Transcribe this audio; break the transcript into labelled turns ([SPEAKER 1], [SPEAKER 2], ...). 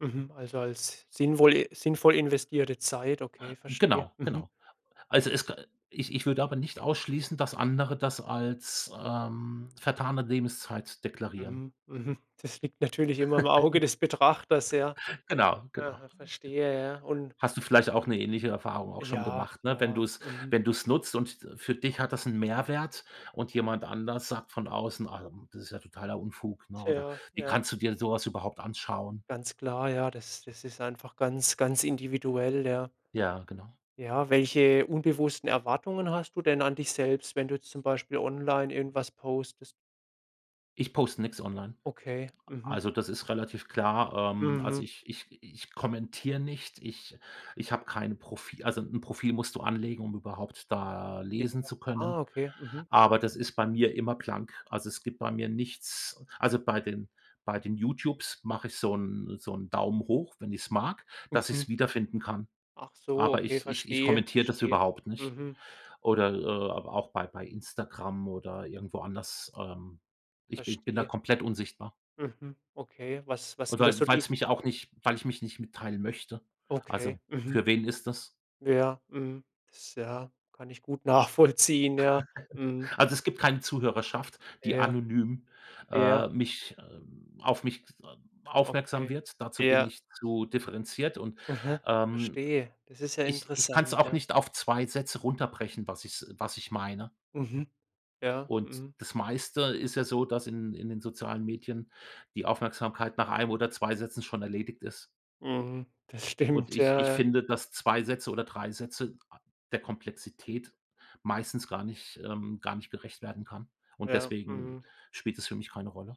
[SPEAKER 1] Mhm. Also als sinnvolle sinnvoll investierte Zeit. Okay, verstehe.
[SPEAKER 2] Genau,
[SPEAKER 1] Mhm.
[SPEAKER 2] genau. Also es k ich ich würde aber nicht ausschließen, dass andere das als, ähm, vertane Lebenszeit deklarieren.
[SPEAKER 1] Mhm. Mhm. Das liegt natürlich immer im Auge des Betrachters, ja.
[SPEAKER 2] Genau, genau,
[SPEAKER 1] Aha,
[SPEAKER 2] genau.
[SPEAKER 1] verstehe, ja. Und
[SPEAKER 2] Hast du vielleicht auch 'ne ähnliche Erfahrung auch schon
[SPEAKER 1] Ja,
[SPEAKER 2] gemacht, ne, wenn
[SPEAKER 1] ja.
[SPEAKER 2] du's
[SPEAKER 1] Mhm.
[SPEAKER 2] wenn du's nutzt und für dich hat das 'n Mehrwert und jemand anders sagt von außen: „Ah, das ist ja totaler Unfug“, ne, oder
[SPEAKER 1] Tja,
[SPEAKER 2] „wie
[SPEAKER 1] ja.
[SPEAKER 2] kannst du dir so was überhaupt anschauen?”
[SPEAKER 1] Ganz klar, ja, das das ist einfach ganz ganz individuell, ja.
[SPEAKER 2] Ja, genau.
[SPEAKER 1] Ja, welche unbewussten Erwartungen hast du denn an dich selbst, wenn du jetzt zum Beispiel online irgendwas postest?
[SPEAKER 2] Ich poste nix online,
[SPEAKER 1] Okay. Mhm.
[SPEAKER 2] also, das ist relativ klar. Ähm, also
[SPEAKER 1] Mhm.
[SPEAKER 2] ich ich ich kommentiere nicht, ich ich habe kein Profi also 'n Profil musst du anlegen, um überhaupt da
[SPEAKER 1] Ja.
[SPEAKER 2] lesen zu
[SPEAKER 1] Ah,
[SPEAKER 2] können,
[SPEAKER 1] okay. Mhm.
[SPEAKER 2] aber das ist bei mir immer blank also, es gibt bei mir nichts also bei den bei den YouTubes mache ich so 'n so 'n Daumen hoch, wenn ich's mag, dass ich
[SPEAKER 1] Mhm.
[SPEAKER 2] es wiederfinden kann,
[SPEAKER 1] Ach so,
[SPEAKER 2] aber
[SPEAKER 1] okay,
[SPEAKER 2] ich ich ich
[SPEAKER 1] verstehe,
[SPEAKER 2] kommentiere das
[SPEAKER 1] verstehe.
[SPEAKER 2] überhaupt nicht.
[SPEAKER 1] Mhm.
[SPEAKER 2] Oder, äh, auch bei bei Instagram oder irgendwo anders, ähm, ich ich bin da
[SPEAKER 1] Verstehe.
[SPEAKER 2] komplett unsichtbar.
[SPEAKER 1] Mhm. Okay. was was sind das
[SPEAKER 2] Oder
[SPEAKER 1] so die
[SPEAKER 2] weil's mich auch nicht weil ich mich nicht mitteilen möchte
[SPEAKER 1] Okay.
[SPEAKER 2] also,
[SPEAKER 1] Mhm.
[SPEAKER 2] für wen ist das?
[SPEAKER 1] Ja, mhm. Das, ja, kann ich gut nachvollziehen, ja. Mhm.
[SPEAKER 2] Also es gibt keine Zuhörerschaft, die
[SPEAKER 1] Ja.
[SPEAKER 2] anonym,
[SPEAKER 1] ja.
[SPEAKER 2] äh, mich ähm, auf mich, ähm, aufmerksam
[SPEAKER 1] Okay,
[SPEAKER 2] wird. Dazu bin
[SPEAKER 1] ja.
[SPEAKER 2] ich zu differenziert und,
[SPEAKER 1] Aha.
[SPEAKER 2] ähm,
[SPEAKER 1] Verstehe. Das ist ja
[SPEAKER 2] ich ich kann's
[SPEAKER 1] interessant,
[SPEAKER 2] auch
[SPEAKER 1] ja.
[SPEAKER 2] nicht auf 2 Sätze runterbrechen, was ich s was ich meine.
[SPEAKER 1] Mhm. Ja,
[SPEAKER 2] Und
[SPEAKER 1] mhm.
[SPEAKER 2] das Meiste ist ja so, dass in in den sozialen Medien die Aufmerksamkeit nach 1 oder 2 Sätzen schon erledigt ist.
[SPEAKER 1] Mhm. Das
[SPEAKER 2] Und
[SPEAKER 1] stimmt.
[SPEAKER 2] ich
[SPEAKER 1] Ja,
[SPEAKER 2] ich
[SPEAKER 1] ja.
[SPEAKER 2] finde, dass 2 Sätze oder 3 Sätze a der Komplexität meistens gar nicht ähm, gar nicht gerecht werden kann und
[SPEAKER 1] Ja,
[SPEAKER 2] deswegen
[SPEAKER 1] mhm.
[SPEAKER 2] spielt es für mich keine Rolle.